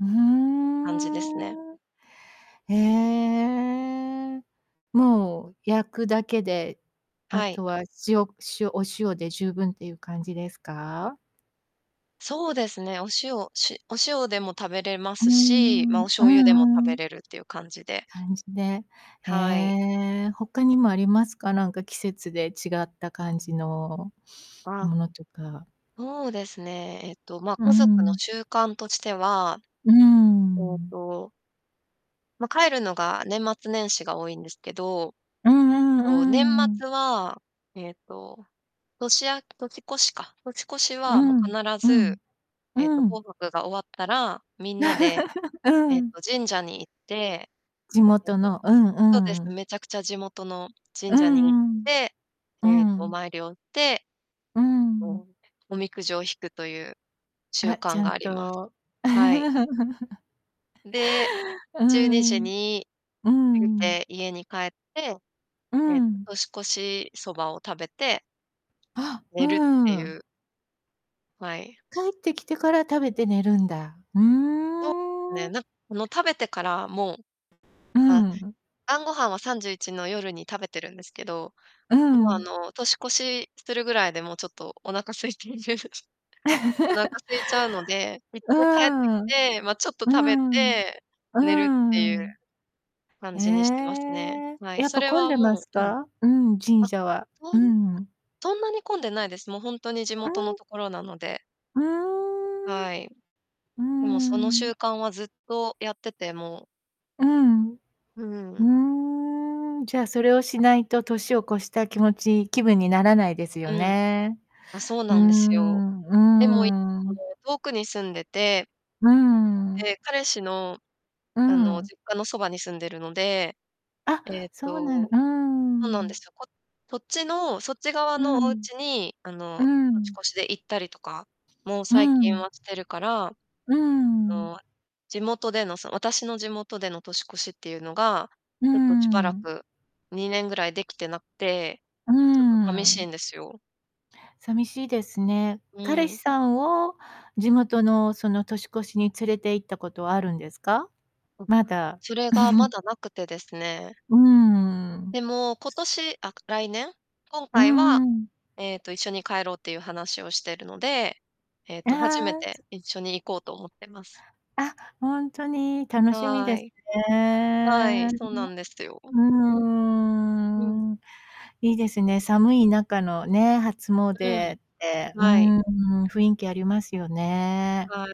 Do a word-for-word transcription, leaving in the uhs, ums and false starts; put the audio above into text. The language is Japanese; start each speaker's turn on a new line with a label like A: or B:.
A: うー
B: 感じですね。
A: ん。ええ。もう焼くだけで、あ
B: はい。
A: とは塩塩お塩で十分っていう感じですか？
B: そうですね。お塩しお塩でも食べれま
A: うー
B: すし、ま、
A: ん、
B: お
A: うん
B: 醤油でも食
A: う
B: べ
A: ん。
B: れるっていう感じで。
A: 感じで、え
B: はい。
A: え。他にもありますか？なんか、季節で違った感じの
B: あ。
A: ものとか。
B: そうですね。えっと、ま、
A: う
B: 家族の
A: ん。
B: 習慣としては、
A: うー
B: ええ
A: ん。
B: とま、帰るのが年末年始が多いんですけど、え
A: うん
B: っ
A: う
B: と、年
A: んうん。
B: 末は、ええと、年あ年越しか、年越し
A: う
B: は、もう、
A: ん、
B: 必
A: うん、
B: ず、ええと、
A: うん。
B: 紅白が終わったらみんなで、
A: う
B: ええ
A: ん。
B: と、神社に行って、
A: 地
B: ええ
A: 元の、
B: と、
A: う
B: そうで
A: ん
B: す、
A: うん。
B: 滅茶苦茶地元の
A: う
B: 神社に行っ
A: んうん。
B: て、
A: う
B: ええと、お
A: ん。
B: 参りをて、
A: う
B: と、
A: ん。
B: おおみくじを引くという習
A: あ、ち
B: 慣
A: ゃ
B: が
A: ん
B: あります。
A: と。
B: はい。ん、で、
A: うー
B: じゅうにじ
A: ん。う
B: に
A: ー
B: 過ぎ
A: ん。
B: て家に帰って、
A: う
B: ええと、
A: ん。
B: 年越しそばを食べて
A: あ。う
B: 寝るって
A: ー
B: い
A: ん。
B: う。はい。
A: 帰ってきてから食べて寝るんだ。うー
B: そうすね、
A: ん。
B: なんその、食べてからもう
A: う
B: あ、
A: ん。
B: 晩御飯はさんじゅういちの夜に食べてるんですけど、
A: う
B: もう、あ
A: ん。
B: の、年越しするぐらいで、もうちょっとお腹空いている。お腹 空いちゃうので、いっ
A: うう
B: かい帰ってき
A: ーん、
B: て、ま、ちょっと
A: うー
B: 食べ
A: ん、
B: て寝るってい
A: うー
B: う
A: ん。
B: 感
A: え
B: じにしてますね。
A: え、
B: はい。
A: やっ
B: そ
A: ぱ
B: れ
A: 混ん
B: は
A: でます
B: もう、うん。
A: か？うん、神
B: あ、
A: 社は。
B: そん
A: うん。
B: そんなに混んでないです。もう本当に地
A: う
B: 元の
A: ん。
B: ところなので。
A: うーん。う
B: はい。
A: ー
B: でも、その習
A: ん。
B: 慣はずっとやってて、もう
A: うん。う
B: うん。
A: ーん。じゃあそれをしないと、年を越した気持ち気分にならないですよ
B: うん。
A: ね。
B: あ、そう
A: う
B: な
A: ー
B: んですよ。
A: ん。
B: でもい
A: う
B: そ
A: ーん。
B: の、遠くに住んでて
A: うーん。
B: で、彼氏の、
A: う
B: あの、
A: ん。
B: 実家のそばに住んでるので、
A: あ、
B: ええ
A: そうなのう
B: と、
A: ー
B: そうなんで
A: ん。
B: すよ、こそっちのそっち側
A: う
B: のお
A: ん。
B: 家に、あ
A: う
B: の、年
A: ん。
B: 越しで行ったりとか、もう、
A: う
B: 最近
A: ん。
B: はしてるから、あ
A: うーん。
B: の地元での、そ私の地元での年越しっていうのが、
A: うー
B: ちょっとしばら
A: ん。
B: く、にねんぐらいできてなくて、
A: うー
B: ちょっと寂しい
A: ん。
B: んですよ。
A: 寂しいですね。
B: う
A: 彼
B: ー
A: 氏
B: ん。
A: さんを地元の、その年越しに連れて行ったことはあるんですか？
B: うん、
A: まだ。
B: それが、ま だなくてですね。
A: うーん。
B: でも、今年あ、来年？今
A: う
B: 回は、
A: んうん。
B: ええと、一緒に帰ろうっていう話をしてるので、ええと、初め
A: ああ。
B: て一緒に行こうと思ってます。
A: あ、ほんとに。楽しみ
B: は
A: です
B: い。はい、
A: ね。
B: そうなんですよ。
A: う
B: うん。
A: ーん。いいですね。寒い中のね、初詣
B: うん。
A: って、うー
B: はい。
A: ん。雰囲気ありますよね。
B: はい。